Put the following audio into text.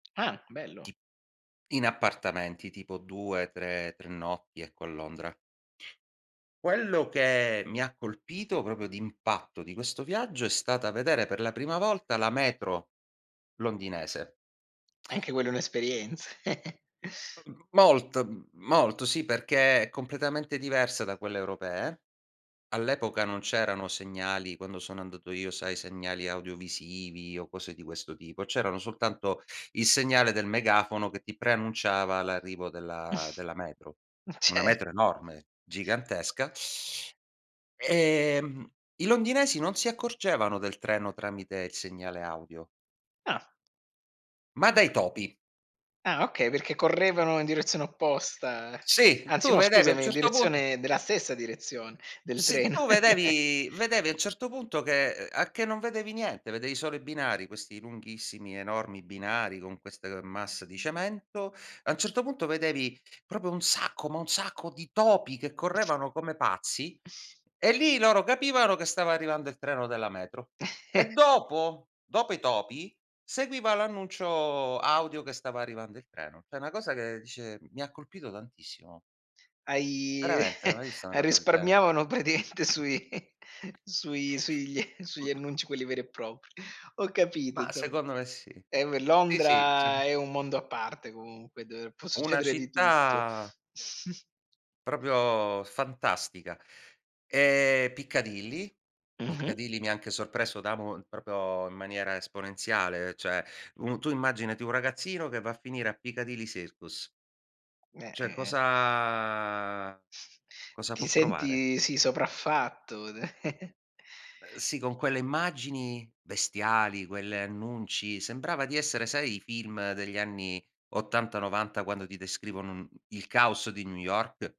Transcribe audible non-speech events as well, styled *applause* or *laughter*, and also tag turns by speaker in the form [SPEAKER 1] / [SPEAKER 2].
[SPEAKER 1] Ah bello.
[SPEAKER 2] T in appartamenti tipo 2, 3, 3 notti, ecco a Londra. Quello che mi ha colpito, proprio d'impatto di questo viaggio è stata vedere per la prima volta la metro londinese. *clicks tongue*
[SPEAKER 1] Anche quello è un'esperienza. *chuckles*
[SPEAKER 2] Uhm, molt m molto sì, perché è completamente diversa da quelle europee. All'epoca non c'erano segnali, quando sono andato io, sai segnali audiovisivi o cose di questo tipo, c'erano soltanto il segnale del megafono che ti preannunciava l'arrivo della
[SPEAKER 1] *chuckles*
[SPEAKER 2] della metro.
[SPEAKER 1] Ma
[SPEAKER 2] Una
[SPEAKER 1] cer
[SPEAKER 2] metro enorme, gigantesca, *inhales* ehm, i londinesi non si accorgevano del treno tramite il segnale audio
[SPEAKER 1] Ah.
[SPEAKER 2] ma dai
[SPEAKER 1] *unintelligible*
[SPEAKER 2] topi.
[SPEAKER 1] Ah okay, perché correvano in direzione opposta,
[SPEAKER 2] Sì,
[SPEAKER 1] anzi
[SPEAKER 2] tu
[SPEAKER 1] no
[SPEAKER 2] vedevi a un
[SPEAKER 1] scusami, in
[SPEAKER 2] certo punto
[SPEAKER 1] direzione della stessa direzione del
[SPEAKER 2] se
[SPEAKER 1] treno.
[SPEAKER 2] tu
[SPEAKER 1] *chuckles*
[SPEAKER 2] vedevi vedevi a un certo punto che, ehm, a che non vedevi niente, vedevi solo i binari, questi lunghissimi, enormi binari con queste, ehm, masse di cemento, a un certo punto vedevi proprio un sacco, ma un sacco di topi che correvano come pazzi
[SPEAKER 1] *chuckles*
[SPEAKER 2] e lì loro capivano che stava arrivando il treno della metro. E
[SPEAKER 1] *chuckles*
[SPEAKER 2] dopo dopo i topi, seguiva l'annuncio audio che stava arrivando il treno. Cioè una cosa che dice mi colpito tantissimo.
[SPEAKER 1] Hai
[SPEAKER 2] Veramente,
[SPEAKER 1] *chuckles*
[SPEAKER 2] mai visto una
[SPEAKER 1] hai
[SPEAKER 2] cosa del genere.
[SPEAKER 1] risparmiavano praticamente sui *chuckles* sui sugli *chuckles* sugli annunci quelli veri e propri. Ho capito
[SPEAKER 2] Ma
[SPEAKER 1] insomma.
[SPEAKER 2] secondo me sì
[SPEAKER 1] Eh beh,
[SPEAKER 2] sì, sì sa
[SPEAKER 1] Londra è un mondo a parte comunque, dove può
[SPEAKER 2] Una
[SPEAKER 1] succedere di tutto.
[SPEAKER 2] città
[SPEAKER 1] *chuckles*
[SPEAKER 2] proprio fantastica. Ehm Piccadilly
[SPEAKER 1] Mh-mh.
[SPEAKER 2] Piccadilly mi anche sorpreso da mo proprio in maniera esponenziale, cioè un tu immaginati un ragazzino che va a finire a Piccadilly Circus
[SPEAKER 1] Beh,
[SPEAKER 2] cioè
[SPEAKER 1] eh, eh.
[SPEAKER 2] cosa cosa
[SPEAKER 1] Ti
[SPEAKER 2] può provare?
[SPEAKER 1] senti sì sopraffatto da *chuckles*
[SPEAKER 2] Ehm, sì, con quelle immagini bestiali, quelle annunci, sembrava di essere sai i film degli anni '80, '90 quando ti descrivono un il caos di New York?